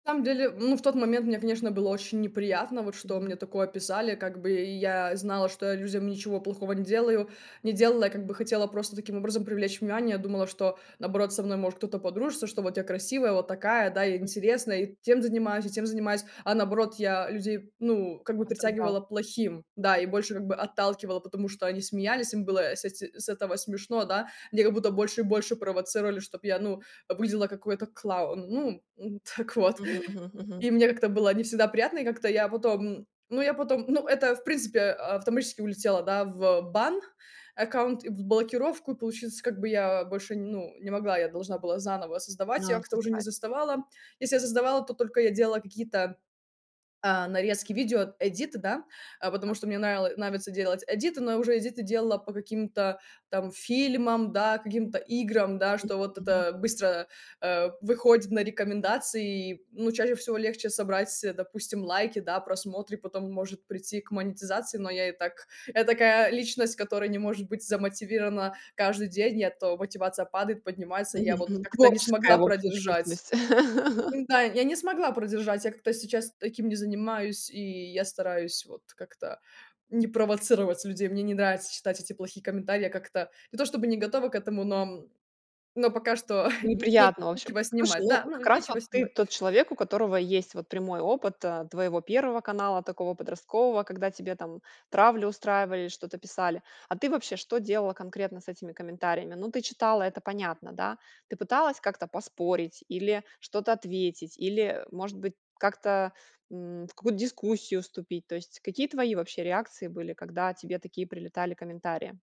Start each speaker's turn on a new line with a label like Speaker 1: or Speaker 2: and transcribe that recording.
Speaker 1: На самом деле, ну, в тот момент мне, конечно, было очень неприятно вот, что мне
Speaker 2: Мгм.
Speaker 1: такое писали как бы. И я знала, что я людям ничего плохого не делаю не делала. Я как бы хотела просто таким образом привлечь внимание. Я думала, что, наоборот, со мной может кто-то подружится, что вот я красивая, вот такая, да, я интересная, и тем занимаюсь, и тем занимаюсь. А наоборот, я людей, ну, как бы
Speaker 2: Раздражало.
Speaker 1: притягивала плохим, да, и
Speaker 2: [unintelligible]
Speaker 1: больше как бы отталкивала, потому что они смеялись, им было, э, с эти с этого смешно, да. Меня как будто больше и больше провоцировали, чтобы я, ну, выглядела как какой-то клоун, ну, м. Так вот.
Speaker 2: Мгм, мгм, мгм.
Speaker 1: И мне как-то было не всегда приятно, и как-то я потом, м Ну, я потом, ну, это, в принципе, а, автоматически улетело, да, в бан, аккаунт и в блокировку, получается, как бы я больше, ну, не могла. Я должна была заново создавать.
Speaker 2: Но,
Speaker 1: Я
Speaker 2: а
Speaker 1: как-то уже не
Speaker 2: создавать.
Speaker 1: создавала. Если создавала, то только я делала какие-то, а, нарезки, видеоэдиты, да. А
Speaker 2: Ага.
Speaker 1: потому что мне нравило нравится делать эдиты, но уже эдиты делала по каким-то там фильмам, да, каким-то играм, да, что
Speaker 2: [unintelligible]
Speaker 1: вот
Speaker 2: Мгм.
Speaker 1: это быстро, а, выходит на рекомендации. И, ну, чаще всего легче собрать, э, допустим, лайки, да, просмотры, потом может прийти к монетизации. Но я и так, я такая личность, которая не может быть замотивирована каждый день, я то мотивация падает, поднимается. Я
Speaker 2: Мгм
Speaker 1: вот
Speaker 2: мгм,
Speaker 1: как-то не
Speaker 2: творческая,
Speaker 1: смогла
Speaker 2: в общем, ты
Speaker 1: продержать.
Speaker 2: личность.
Speaker 1: М-да. Я не смогла продержать, я как-то сейчас таким не занимаюсь, и я стараюсь вот как-то не провоцировать людей. Мне не нравится читать эти плохие комментарии. Я как-то не то чтобы не готова к этому, но, м, но пока что, н не
Speaker 2: Неприятно вообще.
Speaker 1: нечего
Speaker 2: Послушай,
Speaker 1: снимать.
Speaker 2: ну,
Speaker 1: Да, ну,
Speaker 2: как раз вот
Speaker 1: нечего
Speaker 2: ты
Speaker 1: снимать.
Speaker 2: тот человек, у которого есть вот прямой опыт, а, твоего первого канала, такого подросткового, когда тебе там травлю устраивали или что-то писали. А ты вообще что делала конкретно с этими комментариями? Ну, ты читала, это понятно, да. Ты пыталась как-то поспорить или что-то ответить, или, э, может быть, как-то, м, в какую-то дискуссию вступить? То есть какие твои вообще реакции были, когда тебе такие прилетали комментарии?